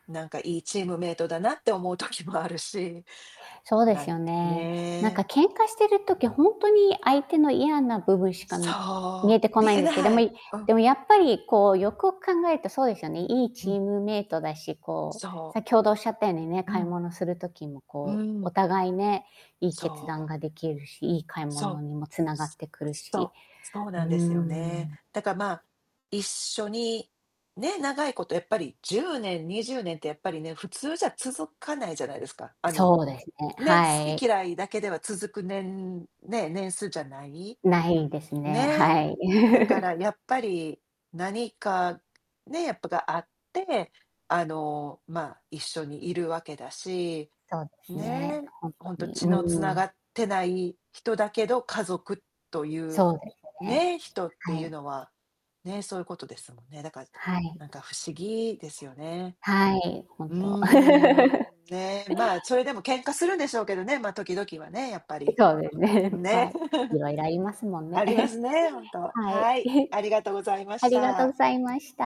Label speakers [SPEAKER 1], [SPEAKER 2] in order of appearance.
[SPEAKER 1] なんかいいチームメイトだなって思う時もあるし、
[SPEAKER 2] そうで
[SPEAKER 1] な
[SPEAKER 2] す
[SPEAKER 1] ん
[SPEAKER 2] よ
[SPEAKER 1] か
[SPEAKER 2] ね。なんか
[SPEAKER 1] ね。
[SPEAKER 2] 喧嘩してる時、ほんとに相手の嫌な部分しか見
[SPEAKER 1] そ
[SPEAKER 2] えて
[SPEAKER 1] う、
[SPEAKER 2] こ
[SPEAKER 1] 見
[SPEAKER 2] ないん
[SPEAKER 1] え
[SPEAKER 2] ですけど、
[SPEAKER 1] な
[SPEAKER 2] で
[SPEAKER 1] い。
[SPEAKER 2] も、
[SPEAKER 1] うん。
[SPEAKER 2] でもやっぱりこうよくよく考えるとそうですよね。いい
[SPEAKER 1] う
[SPEAKER 2] チ
[SPEAKER 1] ん。
[SPEAKER 2] ームメイトだし、こ
[SPEAKER 1] そ
[SPEAKER 2] う、
[SPEAKER 1] う。
[SPEAKER 2] 先ほどおっしゃったようにね、
[SPEAKER 1] う
[SPEAKER 2] 買い
[SPEAKER 1] ん。
[SPEAKER 2] 物する時も
[SPEAKER 1] う
[SPEAKER 2] こう、お
[SPEAKER 1] ん。
[SPEAKER 2] 互いね、いい
[SPEAKER 1] そ
[SPEAKER 2] 決断
[SPEAKER 1] う。
[SPEAKER 2] ができるし、いい買い
[SPEAKER 1] そう。
[SPEAKER 2] 物にも繋がってくる
[SPEAKER 1] そ
[SPEAKER 2] し。
[SPEAKER 1] う、そう
[SPEAKER 2] う
[SPEAKER 1] な
[SPEAKER 2] ん
[SPEAKER 1] んです
[SPEAKER 2] う
[SPEAKER 1] よね。
[SPEAKER 2] ん。
[SPEAKER 1] だから、ま、一緒に、ね、長いことやっぱり10年、20年ってやっぱりね、普通じゃ続かないじゃないですか、あの
[SPEAKER 2] そうですね、
[SPEAKER 1] ね、好
[SPEAKER 2] は
[SPEAKER 1] き
[SPEAKER 2] い。
[SPEAKER 1] 嫌いだけでは続く、年ね、年数じゃない、
[SPEAKER 2] ないですね。
[SPEAKER 1] ねえ。
[SPEAKER 2] はい。
[SPEAKER 1] だから やっぱり、何か、ね、やっぱ、があって、あの、ま、一緒にいるわけだし、
[SPEAKER 2] そうです
[SPEAKER 1] ね
[SPEAKER 2] ね、
[SPEAKER 1] え、
[SPEAKER 2] ほんと
[SPEAKER 1] ほんと
[SPEAKER 2] に、
[SPEAKER 1] 血の
[SPEAKER 2] う
[SPEAKER 1] 繋
[SPEAKER 2] ん。
[SPEAKER 1] がってない人だけど、家族という、
[SPEAKER 2] そうですね。
[SPEAKER 1] ね、人って
[SPEAKER 2] は
[SPEAKER 1] いう
[SPEAKER 2] い。
[SPEAKER 1] のは、ね、そういうことですもんね。だから、
[SPEAKER 2] はい。
[SPEAKER 1] なんか不思議ですよね。
[SPEAKER 2] はい、
[SPEAKER 1] う
[SPEAKER 2] 本
[SPEAKER 1] ん
[SPEAKER 2] 当。
[SPEAKER 1] う ん、ねえ、ま、それでも喧嘩するんでしょうけどね、ま、時々はね、やっぱり、
[SPEAKER 2] そうですね、は
[SPEAKER 1] ね。
[SPEAKER 2] い、い ろいろありますもんね。
[SPEAKER 1] ありますね、本 当。
[SPEAKER 2] はい、
[SPEAKER 1] はい、ありがとうござ いま
[SPEAKER 2] あ
[SPEAKER 1] し
[SPEAKER 2] りがとうご
[SPEAKER 1] た。
[SPEAKER 2] ざいました。